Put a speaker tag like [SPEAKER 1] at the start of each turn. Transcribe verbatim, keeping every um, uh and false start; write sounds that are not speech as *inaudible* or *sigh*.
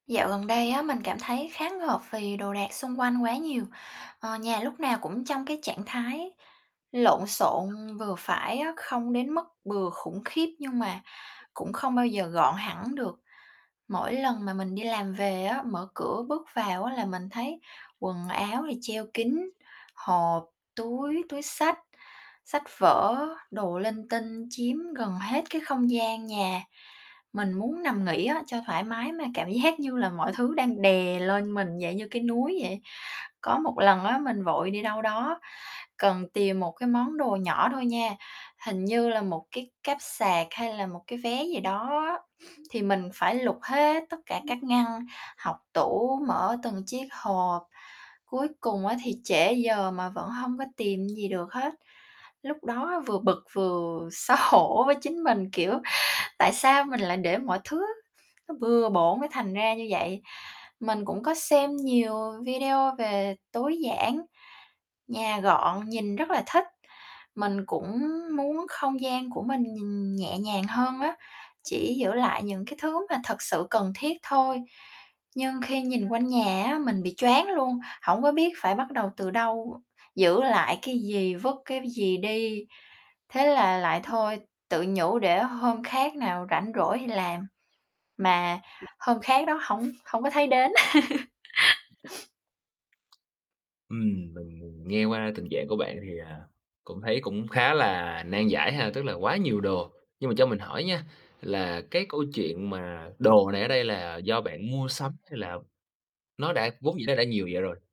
[SPEAKER 1] Dạo gần đây á, mình cảm thấy khá ngợp vì đồ đạc xung quanh quá nhiều. Ờ, nhà lúc nào cũng trong cái trạng thái lộn xộn vừa phải á, không đến mức bừa khủng khiếp nhưng mà cũng không bao giờ gọn
[SPEAKER 2] *unintelligible*
[SPEAKER 1] hẳn được. Mỗi lần mà mình đi làm về á, mở cửa bước vào á là mình thấy quần áo thì treo kín, hộp, túi, túi xách, sách vở, đồ linh tinh chiếm gần hết cái không gian nhà. Mình muốn nằm nghỉ á, cho thoải mái mà cảm giác như là mọi thứ đang đè lên mình, dạng như cái núi vậy. Có một lần á, mình vội đi đâu đó, cần tìm một cái món đồ nhỏ thôi nha, hình như là một cái cáp sạc hay là một cái vé gì đó á, *sniffs* thì mình phải lục hết tất cả các ngăn,
[SPEAKER 2] *unintelligible* À.
[SPEAKER 1] hộc tủ, mở từng chiếc hộp. Cuối cùng á
[SPEAKER 2] *unintelligible*
[SPEAKER 1] thì trễ giờ mà vẫn hông có tìm gì được hết. Lúc đó vừa bực vừa xấu hổ với chính mình, kiểu: "Tại sao mình lại để mọi thứ nó bừa bộn mới thành ra như vậy?" Mình cũng có xem nhiều video về tối giản, nhà
[SPEAKER 2] *unintelligible*
[SPEAKER 1] gọn, nhìn rất là thích. Mình cũng muốn không gian của mình nhìn nhẹ nhàng hơn á. Chỉ giữ lại những cái thứ mà thực sự cần thiết thôi. Nhưng khi nhìn quanh nhà á,
[SPEAKER 2] *unintelligible*
[SPEAKER 1] mình bị choáng luôn, hổng có biết phải bắt đầu từ đâu, giữ lại cái gì, vứt cái gì đi. Thế là lại thôi,
[SPEAKER 2] *unintelligible*
[SPEAKER 1] tự nhủ để hôm khác nào rảnh rỗi thì làm,
[SPEAKER 2] *unintelligible*
[SPEAKER 1] mà hôm khác đó hổng hổng có thấy đến. *laughs* *sniffs*
[SPEAKER 2] Ừm, mình nghe qua tình trạng của bạn thì, à, cũng thấy cũng khá là nan giải ha, tức là quá nhiều đồ. Nhưng mà cho mình hỏi nha, là cái câu chuyện mà đồ này ở đây là do bạn mua sắm, hay là nó đã vốn dĩ nó đã nhiều vậy rồi?